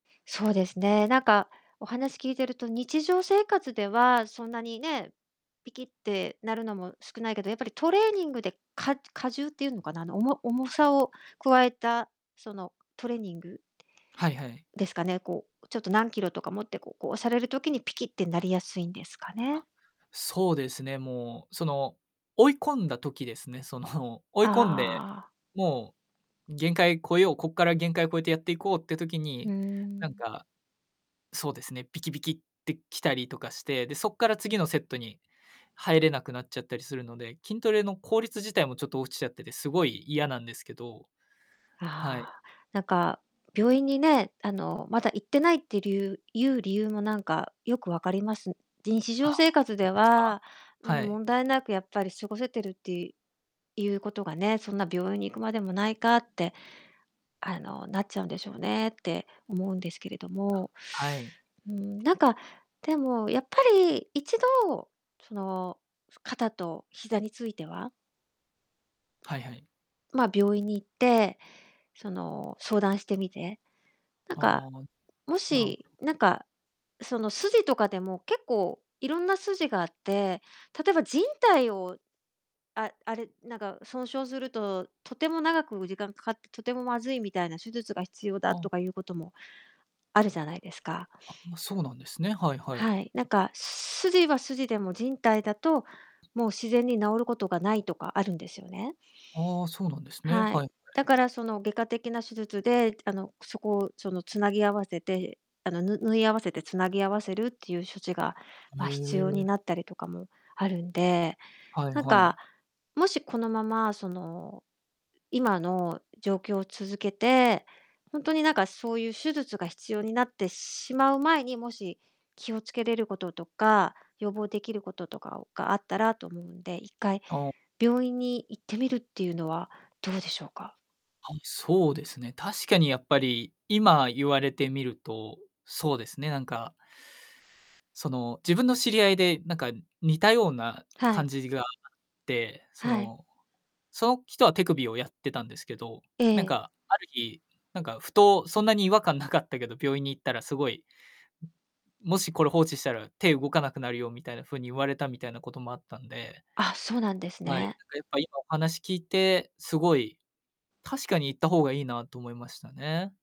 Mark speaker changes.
Speaker 1: そうですね、なんか、お話聞いてると、日常生活ではそんなにね、ピキッってなるのも少ないけど、やっぱり、トレーニングで、か加重っていうのかな、あの、おも重
Speaker 2: はい。
Speaker 1: さを加えた、その、トレーニング
Speaker 2: はいはい。
Speaker 1: ですかね、こう、ちょっと、何キロとか持って、ここう、される時に、ピキッてなりやすいんですかね？
Speaker 2: あ、そうですね、もう、その、追い込んだ時ですね、その、追い込んで、
Speaker 1: ああ。
Speaker 2: もう、限界超えよう、こっから限界を超えてやっていこうって時
Speaker 1: うー
Speaker 2: に、なん
Speaker 1: ん。
Speaker 2: か、そうですね、ピキビキってきたりとかして、で、そっから次のセットに入れなくなっちゃったりするので、筋トレの効率自体もちょっと落ちちゃってて、すごい嫌なんですけど。はい。
Speaker 1: ああ、なんか、病院にね、あの、まだ行ってないって理由いう理由もなんか、よくわかります。で、日
Speaker 2: あ、
Speaker 1: 常生
Speaker 2: ほ
Speaker 1: 活
Speaker 2: んと
Speaker 1: で
Speaker 2: ですか、
Speaker 1: は、うん、
Speaker 2: はい。
Speaker 1: 問題なく、やっぱり、過ごせてるって、いいうことがね、そんな、病院に行くまでもないかって、あの、なっちゃうんでしょうねって思うんですけれど
Speaker 2: あ、
Speaker 1: も、
Speaker 2: はい。
Speaker 1: うーん、なんか、でも、やっぱり一度、その、肩と膝については
Speaker 2: はいはい。
Speaker 1: まあ、病院に行って、その、相談してみて、なん
Speaker 2: あ
Speaker 1: か、
Speaker 2: あ。
Speaker 1: も
Speaker 2: なるほ
Speaker 1: し、
Speaker 2: ど。
Speaker 1: なんか、その、スジとかでも結構いろんなスジがあって、例えば靭帯を、ああれ、なんか損傷すると、とても長く時間かかって、とてもまずいみたいな、手術が必要だ
Speaker 2: あ
Speaker 1: と
Speaker 2: あ。
Speaker 1: かいうこともあるじゃないですか。
Speaker 2: あ、ま、そうなんですね。はいはい。
Speaker 1: はい、なんか、スジはスジでも、靭帯だと、もう自然に治ることがないとかあるんですよね。
Speaker 2: ああ、そうなんですね。
Speaker 1: は
Speaker 2: は
Speaker 1: い。
Speaker 2: い。は
Speaker 1: だ
Speaker 2: い。
Speaker 1: から、その、外科的な手術で、あの、そこを、その、つなぎ合わせて、あの、ぬ縫い合わせて、つなぎ合わせるっていう処置が、ま、必要に
Speaker 2: ええ。
Speaker 1: なったりとかもあるんで、
Speaker 2: はい
Speaker 1: なん
Speaker 2: は
Speaker 1: か、
Speaker 2: い。
Speaker 1: もしこのまま、その、今の状況を続けて、ほんとになんか、そうゆう手術が必要になってしまう前に、もし、気をつけれることとか、予防できることとかをが、あったらと思うんで、一回、
Speaker 2: あ。
Speaker 1: 病院に行ってみるっていうのはどうでしょうか？
Speaker 2: はい、そうですね、確かに、やっぱり、今、言われてみると、そうですね、なんかその、自分の知り合いで、なんか、似たような
Speaker 1: は
Speaker 2: 感
Speaker 1: い。
Speaker 2: じがあって、そ
Speaker 1: はい。
Speaker 2: の、その人は手首をやってたんですけど、
Speaker 1: え
Speaker 2: なん
Speaker 1: え。
Speaker 2: か、ある日、なんか、ふと、そんなに違和感なかったけど、病院に行ったらすごい「もし、これ、放置したら、手、動かなくなるよ」みたいな風に言われた、みたいなこともあったんで
Speaker 1: あ、そうなんです
Speaker 2: はい、
Speaker 1: ね。
Speaker 2: なんか、やっぱ、今、お話聞いて、すごい、確かに、行った方がいいなと思いましたね。